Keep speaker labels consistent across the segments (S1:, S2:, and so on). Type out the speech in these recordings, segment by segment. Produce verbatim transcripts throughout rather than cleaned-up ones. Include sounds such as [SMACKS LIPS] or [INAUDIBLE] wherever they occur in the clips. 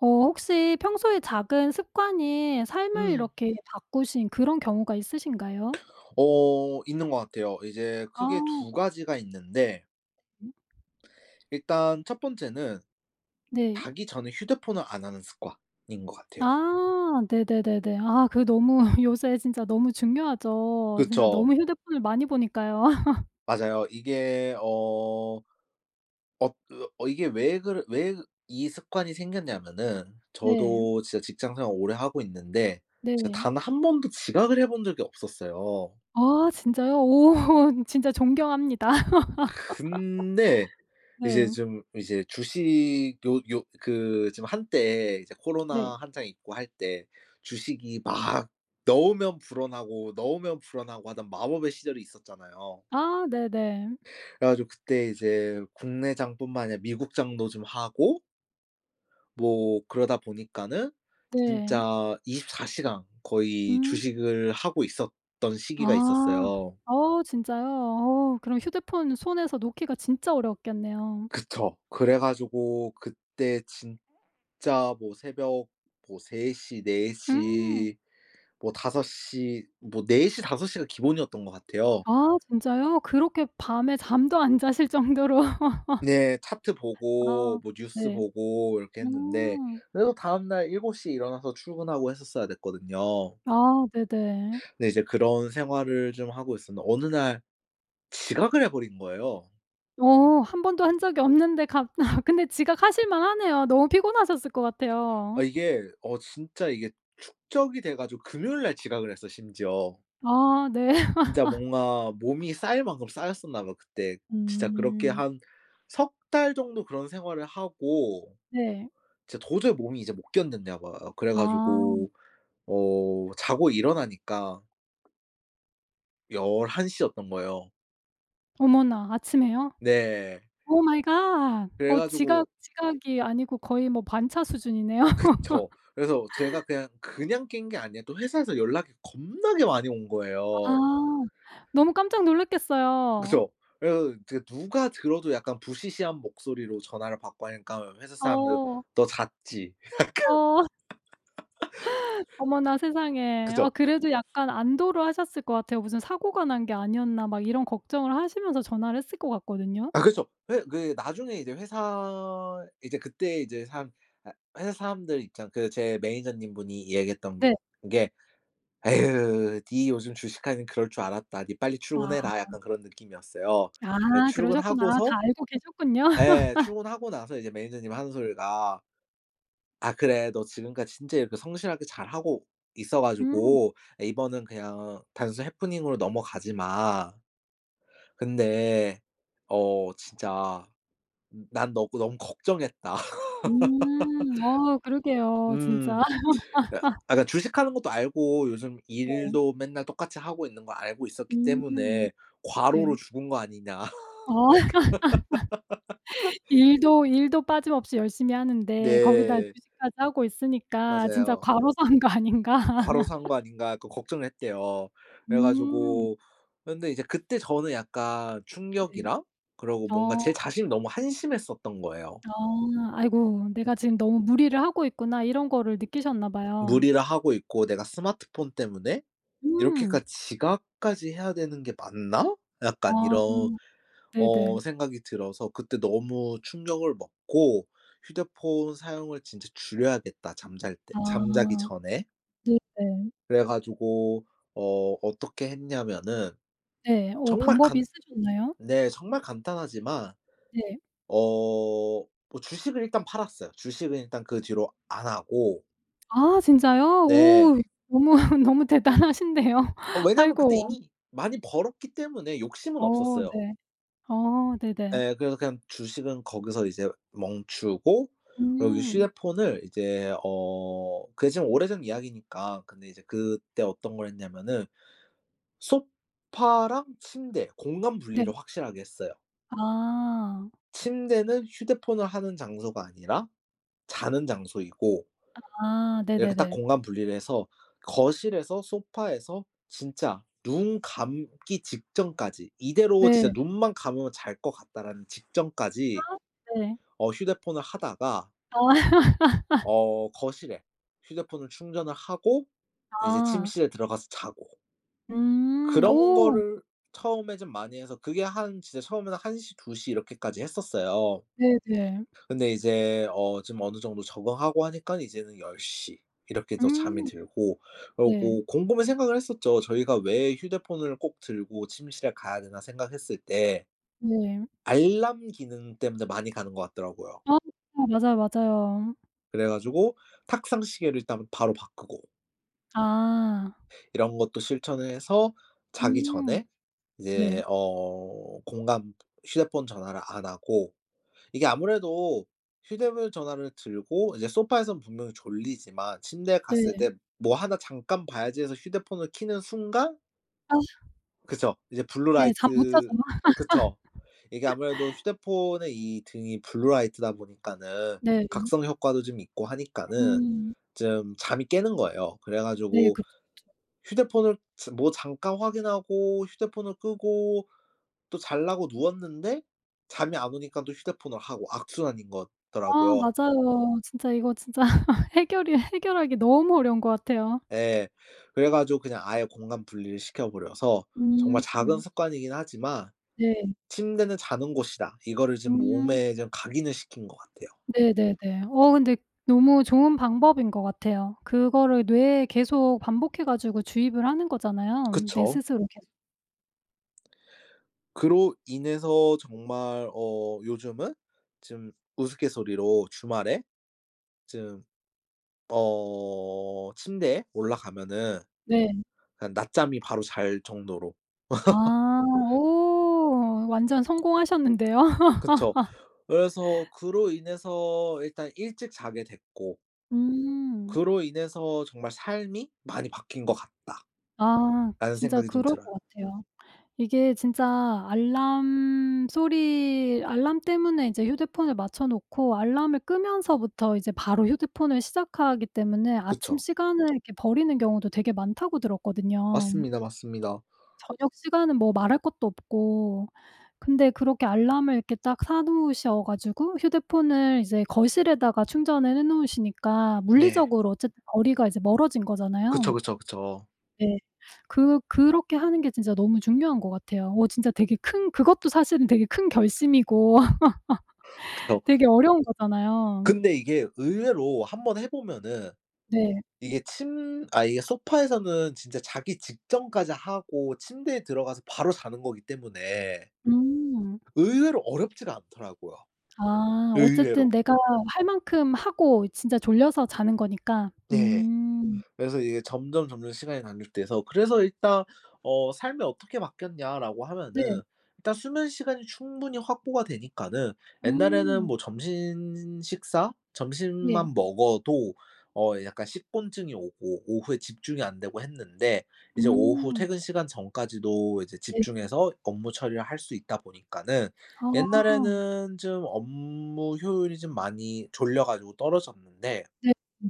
S1: 어 혹시 평소에 작은 습관이 삶을
S2: 음.
S1: 이렇게 바꾸신 그런 경우가 있으신가요?
S2: 어. 있는 것 같아요. 이제 크게
S1: 어.
S2: 두 가지가 있는데 일단 첫 번째는
S1: 네.
S2: 자기 전에 휴대폰을 안 하는 습관인 것 같아요.
S1: 아. 네네네네. 아 그 너무 [LAUGHS] 요새 진짜 너무 중요하죠. 진짜
S2: 그쵸.
S1: 너무 휴대폰을 많이 보니까요. [LAUGHS]
S2: 맞아요. 이게 어 엊 그 어 이게 왜 그래 왜 이 습관이 생겼냐면은
S1: 네.
S2: 저도 진짜 직장생활을 오래 하고 있는데 제가
S1: 네.
S2: 단 한 번도 지각을 해 본 적이 없었어요.
S1: 아 진짜요? 오 진짜 존경합니다.
S2: 근데
S1: [LAUGHS]
S2: 이제
S1: 네.
S2: 좀 이제 주식 요 요 그 지금 한때 이제
S1: 네.
S2: 코로나 한창 있고 할 때 주식이 막 넣으면 불어나고, 넣으면 불어나고 하던 마법의 시절이 있었잖아요.
S1: 아 네네.
S2: 그래 가지고 그때 이제 국내장뿐만 아니라 미국장도 좀 하고 뭐 그러다 보니까는
S1: 네.
S2: 진짜 이십사 시간 거의
S1: 음.
S2: 주식을 하고 있었던 시기가
S1: 아.
S2: 있었어요.
S1: 어우 진짜요? 어 그럼 휴대폰 손에서 놓기가 진짜 어려웠겠네요.
S2: 그쵸. 그래 가지고 그때 진짜 뭐 새벽 뭐 세 시, 네
S1: 음.
S2: 시, 뭐 다섯 시 뭐 네 시, 다섯 시가 기본이었던 것 같아요.
S1: 아 진짜요? 그렇게 밤에 잠도 안 자실 정도로. [LAUGHS]
S2: 네. 차트 보고
S1: 아
S2: 뭐 뉴스
S1: 네.
S2: 보고 이렇게 했는데
S1: 음.
S2: 그래도 다음 날 일곱 시에 일어나서 출근하고 했었어야 됐거든요.
S1: 아 네네.
S2: 네. 이제 그런 생활을 좀 하고 있었는데 어느 날 지각을 해 버린 거예요.
S1: 어. 한 번도 한 적이 없는데 갑 [LAUGHS] 근데 지각하실 만 하네요. 너무 피곤하셨을 것
S2: 아
S1: 같아요.
S2: 이게 어 진짜 이게 축적이 돼 가지고 금요일 날 지각을 했어 심지어.
S1: 아. 네.
S2: 진짜
S1: [LAUGHS]
S2: 뭔가 몸이 쌓일 만큼 쌓였었나 봐 그때. 진짜 그렇게
S1: 음.
S2: 한 석 달 정도 그런 생활을 하고
S1: 네.
S2: 진짜 도저히 몸이 이제 못 견뎠나 봐요. 그래
S1: 아.
S2: 가지고 어 자고 일어나니까 11시였던 거예요.
S1: 어머나. 아침에요?
S2: 네.
S1: Oh, my god.
S2: 그래
S1: 어 지각
S2: 가지고
S1: 지각이 아니고 거의 뭐 반차 수준이네요.
S2: 그쵸. 그래서 제가
S1: [LAUGHS]
S2: 그냥 그냥 깬 게 아니라 또 회사에서 연락이 겁나게 많이 온
S1: 아.
S2: 거예요.
S1: 너무 깜짝 놀랐겠어요.
S2: 그죠. 그래서 그 누가 들어도 약간 부시시한 목소리로 전화를 받고 하니까 회사 사람들
S1: 어.
S2: "너 잤지?" 약간
S1: 어. [LAUGHS]
S2: [LAUGHS]
S1: 어머나 세상에.
S2: 그죠.
S1: 어 그래도
S2: [SNIFFS]
S1: 약간 안도를 하셨을 것 같아요. '무슨 사고가 난 게 아니었나?' 막 이런 걱정을 하시면서 전화를 했을 것 같거든요.
S2: 아 그쵸. 회 그 나중에 이제 회사 이제 그때 이제 사람 아 회사 사람들 입장 그 제 manager님 분이 얘기했던 게
S1: 네.
S2: 게 "에유, 니 요즘 주식하길래 그럴 줄 알았다. 니 빨리 출근해라."
S1: 아.
S2: 약간 그런 느낌이었어요. 예
S1: 아 그러셨구나.
S2: 출근하고서
S1: 다 알고 계셨군요.
S2: 예
S1: [LAUGHS]
S2: 출근하고 나서 이제 manager님 하는 소리가 아 "그래. 너 지금까지 진짜 이렇게 성실하게 잘 하고 있어
S1: 음.
S2: 가지고 이번은 그냥 단순히 happening으로 넘어가지만 근데 어 진짜 난 너 너무 걱정했다."
S1: 음. 어
S2: [LAUGHS]
S1: 그러게요. 진짜.
S2: 음. 아 그니까
S1: [LAUGHS]
S2: 아 그니까 주식하는 것도 알고 요즘
S1: 네.
S2: 일도 맨날 똑같이 하고 있는 거 알고 있었기
S1: 음.
S2: 때문에 "과로로
S1: 네.
S2: 죽은 거 아니냐?"
S1: 어.
S2: [LAUGHS]
S1: [LAUGHS] 일도 일도 빠짐없이 열심히 하는데 거기다
S2: 네.
S1: 주식까지 하고 있으니까 "진짜
S2: 맞아요.
S1: 과로사 한 거 아닌가?"
S2: "과로사 한 거
S1: [LAUGHS]
S2: 아닌가?" 약간 걱정을 했대요. 그래
S1: 음.
S2: 가지고 근데 이제 그때 저는 약간
S1: 네.
S2: 충격이랑 그리고 뭔가
S1: 어.
S2: 제 자신이 너무 한심했었던 거예요.
S1: 어 아이고.
S2: 음.
S1: '내가 지금 너무 무리를 하고 있구나.' 이런 거를 느끼셨나 봐요.
S2: 무리라 하고 있고 '내가 스마트폰 때문에
S1: 음.
S2: 이렇게까지 지각까지 해야 되는 게 맞나?' 약간
S1: 아
S2: 이런
S1: 음.
S2: 어
S1: 네네.
S2: 생각이 들어서 그때 너무 충격을 먹고 휴대폰 사용을 진짜 줄여야겠다, 잠잘 때 잠자기
S1: 아
S2: 전에.
S1: 네네.
S2: 그래 가지고 어 어떻게 했냐면은
S1: 네. 어
S2: 정말
S1: 방법이
S2: 간
S1: 있으셨나요?
S2: 네 정말 간단하지만
S1: 네.
S2: 어 뭐 주식을 일단 팔았어요. 주식은 일단 그 뒤로 안 하고.
S1: 아 진짜요?
S2: 네.
S1: 오 너무, 너무 대단하신데요.
S2: 어 왜냐면 그때
S1: 아이고.
S2: 이미 많이 벌었기 때문에 욕심은
S1: 어
S2: 없었어요.
S1: 네. 어 네네.
S2: 네. 그래서 그냥 주식은 거기서 이제 멈추고 그리고 이
S1: 음.
S2: 휴대폰을 이제 어 그게 좀 오래전 이야기니까 근데 이제 그때 어떤 걸 했냐면은 소파랑 침대 공간
S1: 네.
S2: 분리를 확실하게 했어요.
S1: 아.
S2: 침대는 휴대폰을 하는 장소가 아니라 자는 장소이고
S1: 아.
S2: 이렇게 딱
S1: 네네네.
S2: 공간 분리를 해서 거실에서 소파에서 진짜 눈 감기 직전까지 '이대로 진짜
S1: 네.
S2: 눈만 감으면 잘 것 같다.'라는
S1: 아
S2: 직전까지
S1: 네.
S2: 어 휴대폰을 하다가
S1: 아. [LAUGHS]
S2: 어 거실에 휴대폰을 충전을 하고 이제
S1: 아.
S2: 침실에 들어가서 자고.
S1: 음.
S2: 그런
S1: 오.
S2: 거를 처음에 좀 많이 해서 그게 한 진짜 처음에는 한 시, 두 시 이렇게까지 했었어요.
S1: 네네.
S2: 근데 이제 어 좀 어느 정도 적응하고 하니깐 이제는 열 시 이렇게도 잠이
S1: 음.
S2: 들고
S1: 네.
S2: 그러고 곰곰이 생각을 했었죠. 저희가 '왜 휴대폰을 꼭 들고 침실에 가야 되나?' 생각했을 때
S1: 네.
S2: 알람 기능 때문에 많이 가는 것 같더라고요.
S1: 아 진짜 맞아요, 맞아요.
S2: 그래 가지고 탁상 시계를 일단 바로 바꾸고
S1: 아.
S2: 이런 것도 실천을 해서 자기
S1: 음.
S2: 전에
S1: 예.
S2: 이제 어 공감 휴대폰 전화를 안 하고 이게 아무래도 휴대브 전화를 들고 이제 소파에선 분명히 졸리지만 침대에 갔을
S1: 네.
S2: 때 "뭐 하나 잠깐 봐야지." 해서 휴대폰을 켜는 순간
S1: 아.
S2: 그쵸. 이제 블루
S1: 네 잠 못 자죠.
S2: 라이트 그쵸. 이게 아무래도
S1: [LAUGHS]
S2: 휴대폰의 이 등이 블루 라이트다 보니까는
S1: 네.
S2: 각성 효과도 좀 있고 하니까는
S1: 음.
S2: 좀 잠이 깨는 거예요. 그래
S1: 네.
S2: 가지고
S1: 그렇죠, 그렇죠.
S2: 휴대폰을 저 뭐 잠깐 확인하고 휴대폰을 끄고 또 자려고 누웠는데 잠이 안 오니까 또 휴대폰을 하고 악순환인 것
S1: 아.
S2: 더라고요.
S1: 맞아요. 진짜 이거 진짜 [LAUGHS] 해결이 해결하기 너무 어려운 것 같아요.
S2: 예. 그래 가지고 그냥 아예 공간 분리를 시켜 버려서
S1: 음
S2: 정말 작은
S1: 음.
S2: 습관이긴 하지만
S1: 네.
S2: "침대는 자는 곳이다." 이거를 좀
S1: 음.
S2: 몸에 좀 각인을 시킨 것 같아요.
S1: 네네네. 어 근데 너무 좋은 방법인 것 같아요. 그거를 뇌에 계속 반복해 가지고 주입을 하는 거잖아요 내
S2: 그쵸.
S1: 스스로 계속.
S2: 그로 인해서 정말 어 요즘은 좀 우스갯소리로 주말에 좀 어 침대에 올라가면은
S1: 네.
S2: 그냥 낮잠이 바로 잘 정도로. [LAUGHS]
S1: 아. 오. 완전 성공하셨는데요?
S2: 그쵸.
S1: [LAUGHS]
S2: 그래서 그로 인해서 일단 일찍 자게 됐고
S1: 음.
S2: 그로 인해서 정말 '삶이 많이 바뀐 것 같다.'라는
S1: 아. 진짜
S2: 생각이 좀
S1: 그럴
S2: 들어요.
S1: 것 같아요. 이게 진짜 알람 소리 알람 때문에 이제 휴대폰을 맞춰 놓고 알람을 끄면서부터 이제 바로 휴대폰을 시작하기 때문에 아침
S2: 그쵸.
S1: 시간을 이렇게 버리는 경우도 되게 많다고 들었거든요.
S2: 맞습니다, 맞습니다.
S1: 저녁 시간은 뭐 말할 것도 없고. 근데 그렇게 알람을 이렇게 딱 사 놓으셔 가지고 휴대폰을 이제 거실에다가 충전을 해 놓으시니까
S2: 네.
S1: 물리적으로 어쨌든 거리가 이제 멀어진
S2: 그쵸,
S1: 거잖아요.
S2: 그쵸, 그쵸.
S1: 네. 그 그렇게 하는 게 진짜 너무 중요한 것 같아요. 어 진짜 되게 큰 그것도 사실은 되게 큰 결심이고
S2: [INHALES]
S1: [LAUGHS]
S2: 그쵸.
S1: 되게 어려운 거잖아요.
S2: 근데 이게 의외로 한번 해 보면은
S1: 네.
S2: 이게 침 아 이게 소파에서는 진짜 자기 직전까지 하고 침대에 들어가서 바로 자는 거기 때문에
S1: 음.
S2: 의외로 어렵지를 않더라고요.
S1: 아. 어쨌든
S2: 의외로.
S1: 내가 할 만큼 하고 진짜 졸려서 자는 거니까.
S2: 네.
S1: 음.
S2: 그래서 이게 점점 점점 시간이 단축돼서 그래서 일단 어 "삶이 어떻게 바뀌었냐?"라고
S1: 네.
S2: 하면은 일단 수면 시간이 충분히 확보가 되니까는 옛날에는
S1: 음.
S2: 뭐 점심 식사
S1: 네.
S2: 점심만 먹어도 어 약간 식곤증이 오고 오후에 집중이 안 되고 했는데 이제 오후
S1: 음.
S2: 퇴근 시간 전까지도 이제
S1: 네.
S2: 집중해서 업무 처리를 할 수 있다 보니까는
S1: 아.
S2: 옛날에는 좀 업무 효율이 좀 많이 졸려 가지고 떨어졌는데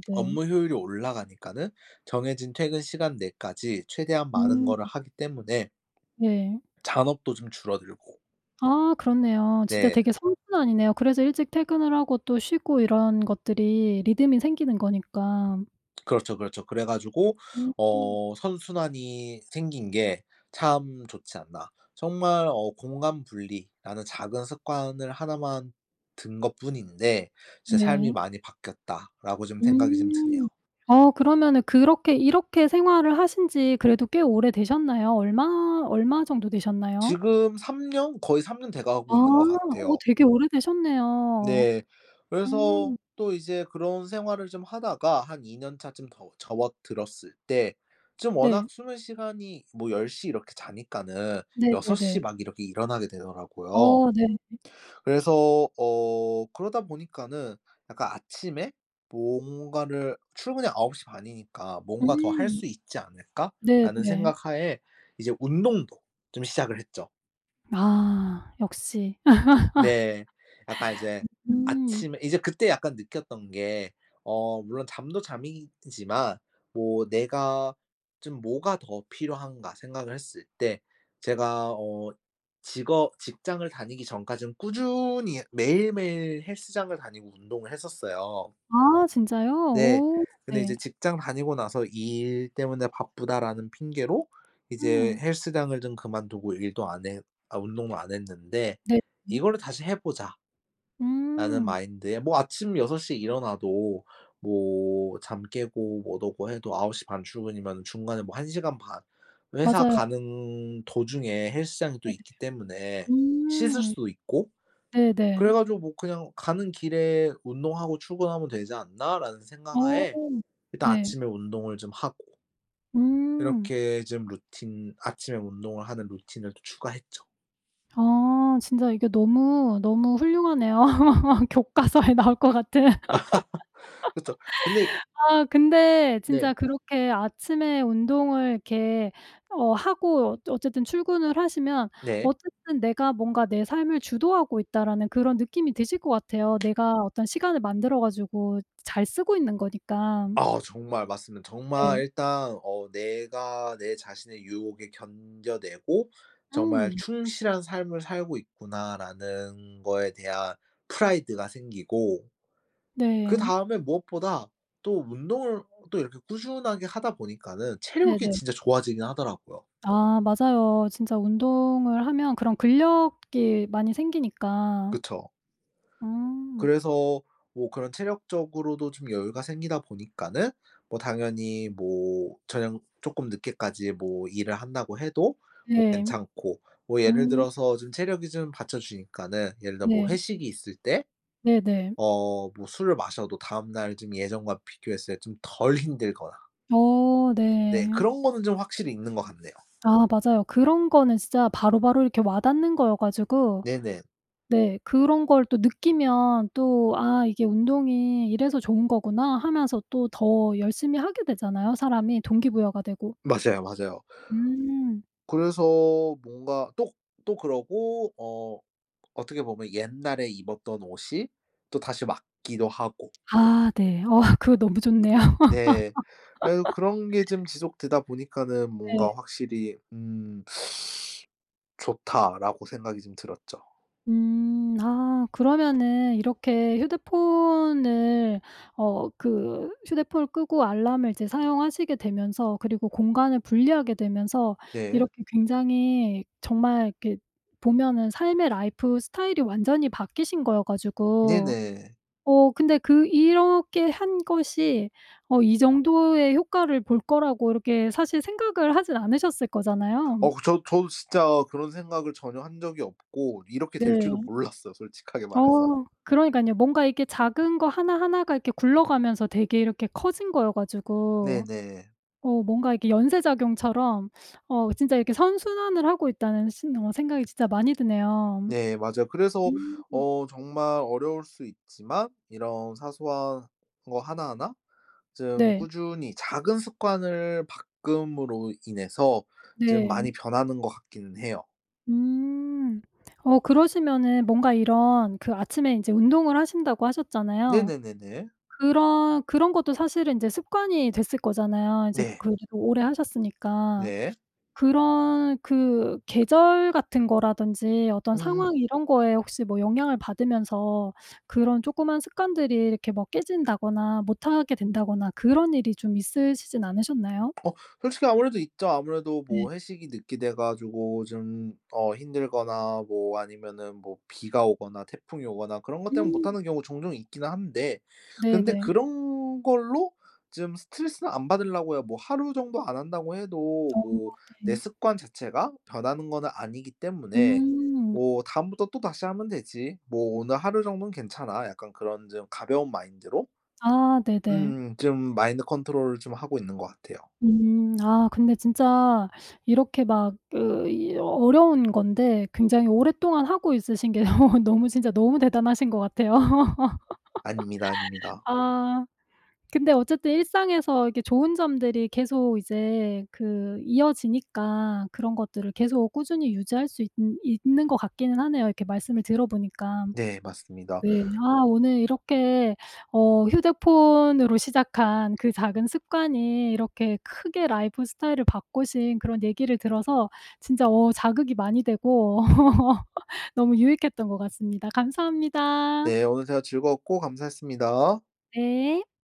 S2: [SMACKS LIPS] 업무 효율이 올라가니까는 정해진 퇴근 시간 내까지 최대한 많은
S1: 음.
S2: 거를 하기 때문에
S1: 네.
S2: 잔업도 좀 줄어들고
S1: 아 그렇네요. 진짜
S2: 네.
S1: 되게 선순환이네요. 그래서 일찍 퇴근을 하고 또 쉬고 이런 것들이 리듬이 생기는 거니까.
S2: 그렇죠, 그렇죠. 그래 가지고
S1: 음.
S2: 어 '선순환이 생긴 게 참 좋지 않나.' 정말 어 공간 분리라는 작은 습관을 하나만 든 것뿐인데 '제 삶이
S1: 네.
S2: 많이 바뀌었다.'라고 좀 생각이 좀 드네요.
S1: 음. 어 그러면은 그렇게 이렇게 생활을 하신지 그래도 꽤 오래되셨나요? 얼마 얼마 정도 되셨나요?
S2: 지금 삼 년? 거의 삼 년 돼
S1: 아.
S2: 가고 있는 것
S1: 어
S2: 같아요.
S1: 되게 오래되셨네요.
S2: 네. 그래서
S1: 음.
S2: 또 이제 그런 생활을 좀 하다가 한 이 년차쯤 더 접어들었을 때 좀
S1: 네.
S2: 워낙 수면 시간이 뭐 열 시 이렇게 자니까는 여섯
S1: 네네네.
S2: 시 막 이렇게 일어나게 되더라고요.
S1: 어 네.
S2: 그래서 어 그러다 보니까는 약간 아침에 뭔가를 출근이 아홉 시 반이니까 '뭔가 더 할
S1: 음.
S2: 수 있지 않을까?'라는
S1: 네네.
S2: 생각 하에 이제 운동도 좀 시작을 했죠.
S1: 아. 역시.
S2: 네. 약간 이제
S1: [LAUGHS] 음.
S2: 아침 이제 그때 약간 느꼈던 게 어 물론 잠도 잠이지만 뭐 '내가 좀 뭐가 더 필요한가?' 생각을 했을 때 제가 어 직업 직장을 다니기 전까지는 꾸준히 매일매일 헬스장을 다니고 운동을 했었어요.
S1: 아 진짜요?
S2: 네.
S1: 오.
S2: 근데 이제
S1: 네.
S2: 직장 다니고 나서 "일 때문에 바쁘다."라는 핑계로 이제
S1: 음.
S2: 헬스장을 좀 그만두고 일도 안 해 아 운동도 안 했는데
S1: 네네.
S2: "이거를 다시 해 보자." 라는
S1: 음.
S2: 마인드에 뭐 아침 여섯 시에 일어나도 뭐 잠 깨고 뭣 허고 해도 아홉 시 반 출근이면은 중간에 뭐 한 시간 반 회사
S1: 맞아요.
S2: 가는 도중에 헬스장이 또
S1: 네네네.
S2: 있기 때문에 씻을
S1: 음.
S2: 수도 있고 그래
S1: 네네.
S2: 가지고 뭐 '그냥 가는 길에 운동하고 출근하면 되지 않나?'라는 생각
S1: 어.
S2: 하에 일단
S1: 네.
S2: 아침에 운동을 좀 하고
S1: 음.
S2: 이렇게 좀 루틴 아침에 운동을 하는 루틴을 또 추가했죠.
S1: 아. 진짜 이게 너무 너무 훌륭하네요. 교과서에 나올 것 같은.
S2: [LAUGHS] 그쵸. 근데 이
S1: [LAUGHS] 아 근데 진짜
S2: 네.
S1: 그렇게 아침에 운동을 이렇게 어 하고 어쨌든 출근을 하시면
S2: 네.
S1: 어쨌든 '내가 뭔가 내 삶을 주도하고 있다.'라는 그런 느낌이 드실 것 같아요. 내가 어떤 시간을 만들어 가지고 잘 쓰고 있는 거니까.
S2: 아. 정말 맞습니다. 정말
S1: 네.
S2: 일단 어 '내가 내 자신의 유혹에 견뎌내고 정말
S1: 음.
S2: 충실한 삶을 살고 있구나.'라는 거에 대한 pride가 생기고
S1: 네.
S2: 그다음에 무엇보다 또 운동을 또 이렇게 꾸준하게 하다 보니까는 체력이
S1: 네네.
S2: 진짜 좋아지긴 하더라고요.
S1: 아 맞아요. 진짜 운동을 하면 그런 근력이 많이 생기니까.
S2: 그쵸.
S1: 음.
S2: 그래서 뭐 그런 체력적으로도 좀 여유가 생기다 보니까는 뭐 당연히 뭐 저녁 쪼끔 늦게까지 뭐 일을 한다고 해도 뭐
S1: 네.
S2: 괜찮고. 뭐 예를
S1: 음.
S2: 들어서 좀 체력이 좀 받쳐주니까는 예를 들어 뭐
S1: 네.
S2: 회식이 있을 때
S1: 네네.
S2: 어 뭐 술을 마셔도 다음날 좀 예전과 비교했을 때 좀 덜 힘들거나
S1: 어
S2: 네.
S1: 네.
S2: 그런 거는 좀 확실히 있는 거 같네요.
S1: 아 맞아요. 그런 거는 진짜 바로바로 이렇게 와닿는 거여 가지고.
S2: 네네.
S1: 네. 그런 걸 또 느끼면 또 '아 이게 운동이 이래서 좋은 거구나.'하면서 또 더 열심히 하게 되잖아요, 사람이 동기부여가 되고.
S2: 맞아요. 맞아요.
S1: 음.
S2: 그래서 뭔가 또 또 그러고 어 어떻게 보면 옛날에 입었던 옷이 또다시 맞기도 하고.
S1: 아 네. 어 그거 너무 좋네요.
S2: 네. 그래도 그런 게
S1: [LAUGHS]
S2: 좀 지속되다 보니까는
S1: 네.
S2: 뭔가 확실히 음 [SUCKS TEETH] '좋다.'라고 생각이 좀 들었죠.
S1: 음. 아 그러면은 이렇게 휴대폰을 어 그 휴대폰을 끄고 알람을 이제 사용하시게 되면서 그리고 공간을 분리하게 되면서
S2: 네.
S1: 이렇게 굉장히 정말 이렇게 보면은 삶의 life style이 완전히 바뀌신 거여 가지고.
S2: 네네.
S1: 어 근데 그 이렇게 한 것이 어 이 정도의 효과를 볼 거라고 이렇게 사실 생각을 하지는 않으셨을 거잖아요.
S2: 어 그 저 저도 진짜 그런 생각을 전혀 한 적이 없고 이렇게 될 줄도
S1: 네.
S2: 몰랐어요, 솔직하게 말 해서.
S1: 어. 그러니깐요. 뭔가 이렇게 작은 거 하나하나가 이렇게 굴러가면서 되게 이렇게 커진 거여 가지고.
S2: 네네.
S1: 어 뭔가 이렇게 연쇄작용처럼 [SUCKS TEETH] 어 진짜 이렇게 '선순환을 하고 있다.'는 신 어 생각이 진짜 많이 드네요.
S2: 네. 맞아요. 그래서
S1: 음.
S2: 어 정말 어려울 수 있지만 이런 사소한 거 하나하나 좀
S1: 네.
S2: 꾸준히 작은 습관을 바꿈으로 인해서 좀
S1: 네.
S2: 많이 변하는 것 같기는 해요.
S1: 음. 어 그러시면은 뭔가 이런 그 아침에 인제 운동을 하신다고 하셨잖아요.
S2: 네네네네.
S1: 그런 그런 것도 사실은 인제 습관이 됐을 거잖아요, 이제
S2: 네.
S1: 그 뒤로 오래 하셨으니까.
S2: 네.
S1: 그런 그 계절 같은 거라든지 어떤
S2: 음음.
S1: 상황 이런 거에 혹시 뭐 영향을 받으면서 그런 쪼끄만 습관들이 이렇게 뭐 깨진다거나 못하게 된다거나 그런 일이 좀 있으시진 않으셨나요?
S2: 어. 솔직히 아무래도 있죠. 아무래도
S1: 네.
S2: 뭐 회식이 늦게 돼 가지고 좀 어 힘들거나 뭐 아니면은 뭐 비가 오거나 태풍이 오거나 그런 것 때문에
S1: 음.
S2: 못하는 경우 종종 있기는 한데 근데
S1: 네네.
S2: 그런 걸로 좀 스트레스는 안 받으려고요. 뭐 하루 정도 안 한다고 해도
S1: 오.
S2: 뭐 내
S1: 네.
S2: 습관 자체가 변하는 거는 아니기 때문에
S1: 음.
S2: 뭐 '다음부터 또다시 하면 되지. 뭐 오늘 하루 정도는 괜찮아.' 약간 그런 좀 가벼운 마인드로
S1: 아. 네네.
S2: 음음, 좀 마인드 컨트롤을 좀 하고 있는 것 같아요.
S1: 음. 아 근데 진짜 [SUCKS TEETH] 이렇게 막 그 이 어려운 건데 굉장히 오랫동안 하고 있으신 게 [LAUGHS] 너무 진짜 너무 대단하신 것 같아요. [LAUGHS]
S2: 아닙니다, 아닙니다.
S1: 아. 근데 어쨌든 일상에서 이렇게 좋은 점들이 계속 이제 그 이어지니까 그런 것들을 계속 꾸준히 유지할 수 있느 있는 것 같기는 하네요, 이렇게 말씀을 들어 보니까.
S2: 네. 맞습니다.
S1: 네.
S2: [INHALES]
S1: 아 오늘 이렇게 어 휴대폰으로 시작한 그 작은 습관이 이렇게 크게 라이프 스타일을 바꾸신 그런 얘기를 들어서 진짜 어 자극이 많이 되고 [LAUGHS] 너무 유익했던 것 같습니다. 감사합니다.
S2: 네. 오늘 대화 즐거웠고 감사했습니다.
S1: 네.